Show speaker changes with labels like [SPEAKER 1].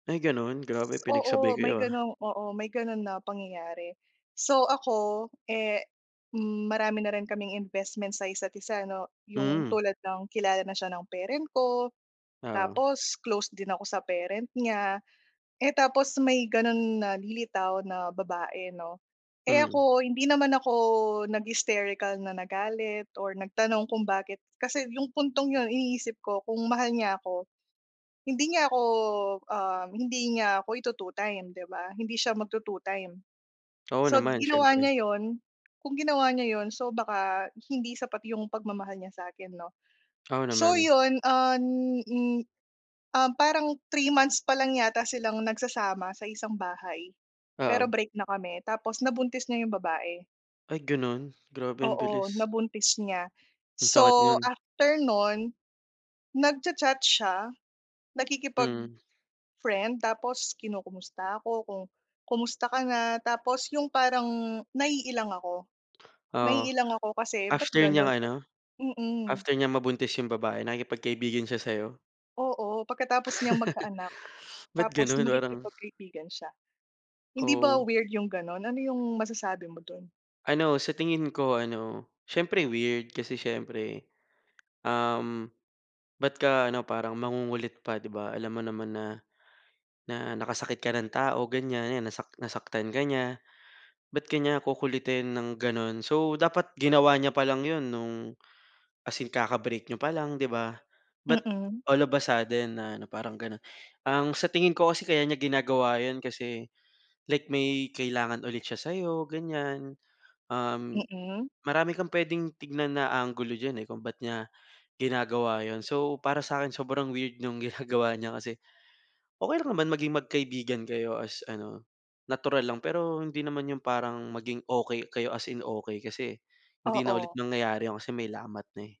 [SPEAKER 1] Ay ganun, grabe pinagsabay
[SPEAKER 2] Oo, may
[SPEAKER 1] kayo ah.
[SPEAKER 2] gano'ng oo, may ganon na pangyayari. So, ako eh, hmm, marami na rin kaming investment sa isa't-isa 'no. 'Yong
[SPEAKER 1] Hmm.
[SPEAKER 2] tulad ng kilala na siya ng parent ko,
[SPEAKER 1] Oo.
[SPEAKER 2] tapos close din ako sa parent niya, eh tapos may ganon na lilitaw na babae 'no. Eh
[SPEAKER 1] Mm.
[SPEAKER 2] ako, hindi naman ako nag-hysterical na nagalit or nagtanong kung bakit, kasi yung puntong 'yon, iniisip ko kung mahal niya ako, hindi niya ako ah hindi nya ako ito-two-time 'di ba? Hindi siya magto-two-time.
[SPEAKER 1] Oo
[SPEAKER 2] So
[SPEAKER 1] naman,
[SPEAKER 2] ginawa
[SPEAKER 1] siyempre.
[SPEAKER 2] niya 'yon kung ginawa niya 'yon, so, baka hindi sapat yung pagmamahal niya sa akin 'no.
[SPEAKER 1] Oo
[SPEAKER 2] So
[SPEAKER 1] naman.
[SPEAKER 2] 'yon, um, [unintelligible] um, parang 3 months pa lang yata silang nagsasama sa isang bahay pero
[SPEAKER 1] Oo.
[SPEAKER 2] break na kami tapos nabuntis niya yung babae.
[SPEAKER 1] Ay ganon? Grabe ang
[SPEAKER 2] Oo,
[SPEAKER 1] bilis.
[SPEAKER 2] nabuntis niya.
[SPEAKER 1] Ang sakit
[SPEAKER 2] So
[SPEAKER 1] no'n.
[SPEAKER 2] after no'n, nagcha-chat siya,
[SPEAKER 1] Mm.
[SPEAKER 2] nakikipag-friend tapos kinukumusta ako kung, "kumusta ka na?" Tapos yung parang naiilang ako
[SPEAKER 1] Oo,
[SPEAKER 2] naiilang ako kasi ba't
[SPEAKER 1] after niyang
[SPEAKER 2] ganon?
[SPEAKER 1] ano
[SPEAKER 2] Mm.
[SPEAKER 1] after niyang mabuntis 'yong babae nakipagkaibigan siya sa'yo?
[SPEAKER 2] Oo, pagkatapos niyang magkaanak
[SPEAKER 1] Ba't
[SPEAKER 2] tapos
[SPEAKER 1] gano'n? Parang
[SPEAKER 2] makikipagkaibigan siya. Hindi ba
[SPEAKER 1] Oo.
[SPEAKER 2] weird yung gano'n? Ano yung masasabi mo do'n?
[SPEAKER 1] Ano, sa tingin ko ano, siyempre weird, kasi siyempre, um, ba't ka, ano, parang mangungulit pa, 'di ba? Alam mo naman na na nakasakit ka ng tao, ganyan, 'yan nasak nasaktan ka niya. Ba't ka niya kukulitin ng gano'n? So, dapat ginawa niya pa lang 'yon no'ng as in kaka-break niyo pa lang 'di ba? But
[SPEAKER 2] Mm.
[SPEAKER 1] all of a sudden na ano, parang gano'n. Ang sa tingin ko kasi kaya niya ginagawa 'yon kasi, like may kailangan ulit siya sa'yo ganyan, um,
[SPEAKER 2] Mm.
[SPEAKER 1] marami kang puwedeng tignan na anggulo diyan eh kung ba't niya ginagawa 'yon. So, para sa akin, sobrang weird nung ginagawa niya kasi okey lang naman maging magkaibigan kayo as ano, natural lang pero hindi naman yung parang maging okey kayo as in okey kasi hindi na ulit
[SPEAKER 2] Oo.
[SPEAKER 1] nangyayari 'yon kasi may lamat na eh.